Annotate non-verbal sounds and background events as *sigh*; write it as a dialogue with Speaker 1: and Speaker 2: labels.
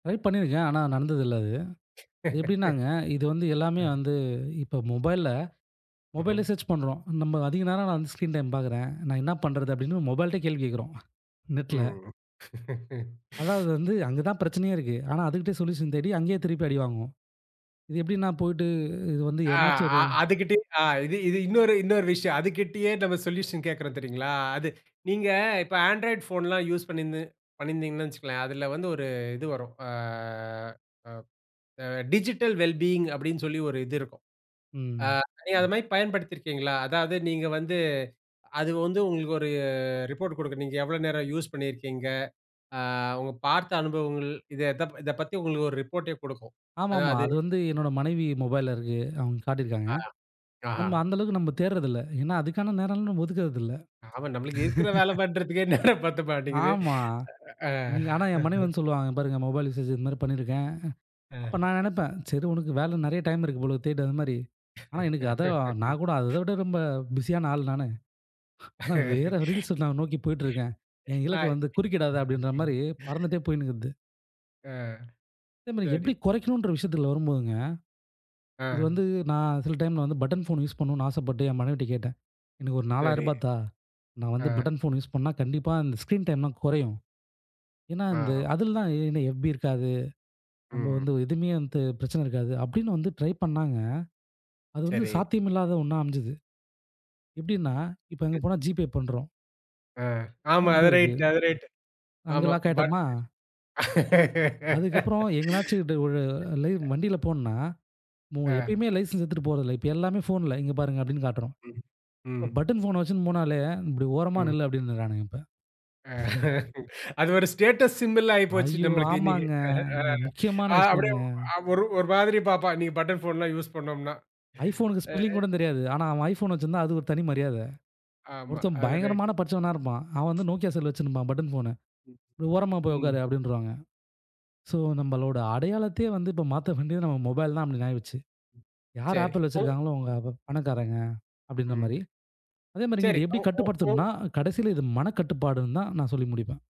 Speaker 1: Try பண்ணியிருக்கேன். ஆனா, நடந்ததில்ல அது.
Speaker 2: *laughs*
Speaker 1: எப்படின்னாங்க, இது வந்து எல்லாமே
Speaker 2: அ.
Speaker 1: வந்து, இப்ப மொபைல்ல மொபைல
Speaker 2: ஹ்ம்.
Speaker 1: சேர்ச் பண்ணுறோம். நம்ம அதிக நேரம் நான் வந்து ஸ்கிரீன் டைம் பாக்கிறேன். நான் என்ன பண்ணுறது? அப்படின்னு மொபைலிட்டயே கேள்வி கேக்குறோம் நெட்ல.
Speaker 2: ம். *laughs*
Speaker 1: அதாவது வந்து, அங்க தான்
Speaker 2: *inhales*
Speaker 1: பிரச்சனையே இருக்கு. ஆனா அதுகிட்டேயே சொல்யூஷன் தேடி, அங்கயே திருப்பி அடிவாங்குவோம். இது எப்படிண்ணா போயிட்டு, இது வந்து
Speaker 2: ஆ
Speaker 1: எதனாச்சும் ஒரு
Speaker 2: அ அதுகிட்டயே ஆ இது இது இன்னொரு இன்னொரு விஷயம். அதுகிட்டயே நம்ம சொல்யூஷன் கேக்குறோம் தெரியுங்களா? அது. நீங்க இப்ப ஆண்ட்ராய்ட் போன்லாம் யூஸ் பண்ணியிருந்து பண்ணியிருந்தீங்கன்னு வச்சுக்கங்களேன். அதில வந்து ஒரு இது வரும். ஆ அ அ டிஜிட்டல் வெல் பீயிங் அப்படின்னு சொல்லி ஒரு இது இருக்கும். ஆ
Speaker 1: ம்.
Speaker 2: நீங்க அது மாரி பயன்படுத்தி இருக்கீங்களா? அதாவது நீங்க வந்து அது வந்து உங்களுக்கு ஒரு ரிப்போர்ட் குடுக்கும். நீங்க எவ்வளோ நேரம் யூஸ் பண்ணியிருக்கீங்க? ஆ உங்க பார்த்த அனுபவங்கள் இத த இத பத்தி உங்களுக்கு ஒரு ரிப்போர்ட்டே குடுக்கும். அதா
Speaker 1: ஆமாமா.
Speaker 2: அது.
Speaker 1: அது வந்து என்னோட மனைவி மொபைல்ல இருக்கு. அவுங்க காட்டியிருக்காங்க.
Speaker 2: ஆஹ. ஆ.
Speaker 1: நம்ம அந்த அளவுக்கு நம்ம தேடுறதில்ல. ஏன்னா அதுக்கான நேரல்லா நம்ம ஒதுக்குறதில்ல.
Speaker 2: ஆமா. நம்மளுக்கு இருக்கிற வேல
Speaker 1: *laughs*
Speaker 2: பண்றதுக்கே நேரம் பத்த மாட்டேங்குது.
Speaker 1: ஆமா.
Speaker 2: *inhales* அ.
Speaker 1: நீங்க ஆனா என் மனைவி
Speaker 2: *laughs*
Speaker 1: வந்து சொல்லுவாங்க, பாருங்க மொபைல் யூசேஜ் இது மாரி பண்ணியிருக்கேன். அப்ப
Speaker 2: அ.
Speaker 1: நான் நெனப்பேன், சரி உனக்கு வேலை நெறைய டைம் இருக்கு போல தேடு அது மாரி. ஆனா எனக்கு அதை நான் கூட, அதை
Speaker 2: *laughs*
Speaker 1: விட ரொம்ப பிஸியான ஆள் நானு. ஆனா
Speaker 2: *laughs*
Speaker 1: வேற ரீல்ஸ் நான் நோக்கி போயிட்டு இருக்கேன். என்
Speaker 2: *inhales* ஆ.
Speaker 1: இலக்கை வந்து
Speaker 2: ம்,
Speaker 1: குறுக்கிடாத! அப்படின்ற
Speaker 2: ம், ம்.
Speaker 1: மாரி
Speaker 2: *inhales*
Speaker 1: பறந்துகிட்டே போயினு இருக்குது.
Speaker 2: ஆ.
Speaker 1: இத நா எப்படி
Speaker 2: சரி.
Speaker 1: கொறக்கணுன்ற விஷயத்தில வரும்போதுங்க, இது
Speaker 2: அ.
Speaker 1: வந்து நா சில டைம்ல வந்து பட்டன் ஃபோன் யூஸ் பண்ணணுனு ஆசைப்பட்டு என் மனைவிகிட்ட கேட்டேன். எனக்கு ஒரு
Speaker 2: சரி.
Speaker 1: ரூ. 4000 தா, நான் வந்து
Speaker 2: அ.
Speaker 1: பட்டன் ஃபோன் யூஸ் பண்ணா கண்டிப்பா அந்த ஸ்கிரீன் டைம்லா கொறையும். ஏன்னா இந்து
Speaker 2: ஆ.
Speaker 1: அதில தான் *unintelligible* எஹ்ப்-பி இருக்காது. நம்ம
Speaker 2: ம்.
Speaker 1: வந்து எதுவுமே வந்து பிரச்சனை இருக்காது. அப்படின்னு வந்து ட்ரை பண்ணாங்க, அது வந்து
Speaker 2: சரி.
Speaker 1: சாத்தியம் இல்லாத ஒண்ணா அமஞ்சது. எப்டின்னா இப்ப அங்க
Speaker 2: அ.
Speaker 1: போனா ஜிபே பண்றோம்.
Speaker 2: ஆ, ஆமா அது
Speaker 1: 9.
Speaker 2: ரைட் அது ரைட்.
Speaker 1: அங்க
Speaker 2: ஆமா
Speaker 1: லாக்
Speaker 2: பட்.
Speaker 1: ஆயிட்டமா? அதுக்கு அப்பறம்
Speaker 2: *laughs*
Speaker 1: எங்கனாச்சு டுவ் ஒரு லை
Speaker 2: *inhales*
Speaker 1: வண்டியில போணுன்னா,
Speaker 2: ஆ.
Speaker 1: எப்பயுமே லைசென்ஸ் எடுத்துட்டு போறதில்ல. இப்ப எல்லாமே ஃபோன்ல, இங்க பாருங்க அப்படின்னு காட்றோம்.
Speaker 2: ம். ம்.
Speaker 1: பட்டன் போன வச்சுன்போனாலே இப்டி ஓரமா
Speaker 2: ம்.
Speaker 1: நில்லு! அப்படின்றறானுங்க இப்ப.
Speaker 2: அ
Speaker 1: *chuckles*
Speaker 2: *laughs* அது ஒரு ஸ்டேட்டஸ் சிம்பல் ஆயிப்போச்சு
Speaker 1: ஐயோ!
Speaker 2: நம்மளுக்கு இன்னைக்கு.
Speaker 1: ஆமாங்க.
Speaker 2: அ அ
Speaker 1: முக்கியமான
Speaker 2: அ-அப்படியே
Speaker 1: விஷயங்க.
Speaker 2: அ ஒரு ஒரு மாதிரி பார்ப்பான். இன்னைக்கு பட்டன் போன்லாம் யூஸ் *breath*
Speaker 1: ஐபோன்க்கு ஸ்பெல்லிங்
Speaker 2: பண்னோம்ன்னா.அ.
Speaker 1: கூடங் தெரியாது. ஆனா அவன் ஐபோன் வச்சுருந்தா அது ஒரு தனி மரியாதை.
Speaker 2: ஆமா,
Speaker 1: ஒருத்தன்
Speaker 2: அது ரைட்.
Speaker 1: பயங்கரமான படிச்சவனா இருப்பான். அவன் வந்து நோக்கியா செல் வச்சுன்ருப்பான் பட்டன் போனு.
Speaker 2: ம்.
Speaker 1: ஓரமா போய்
Speaker 2: ம்.
Speaker 1: உக்காரு, அப்படின்ருவாங்க. சோ நம்மளோட அடையாளத்தையே வந்து இப்ப மாத்த வேண்டியது நம்ம மொபைல் தான் அப்படி ஆகிருச்சு. யார்
Speaker 2: சரி.
Speaker 1: ஆப்பிள்
Speaker 2: ஃபோ
Speaker 1: வச்சுருக்காங்களோ அவுங்க அப்ப பணக்காரங்க, அப்படிங்க
Speaker 2: ம்.
Speaker 1: மாரி. அதே மாரி
Speaker 2: சரி.
Speaker 1: நீங்க எப்டி
Speaker 2: ம். ம். ம்.
Speaker 1: கட்டுப்படுத்தனும்ன்னா, கடைசியில இது மனக்கட்டுப்பாடுன்னு தான் நான் சொல்லி முடிப்பேன்.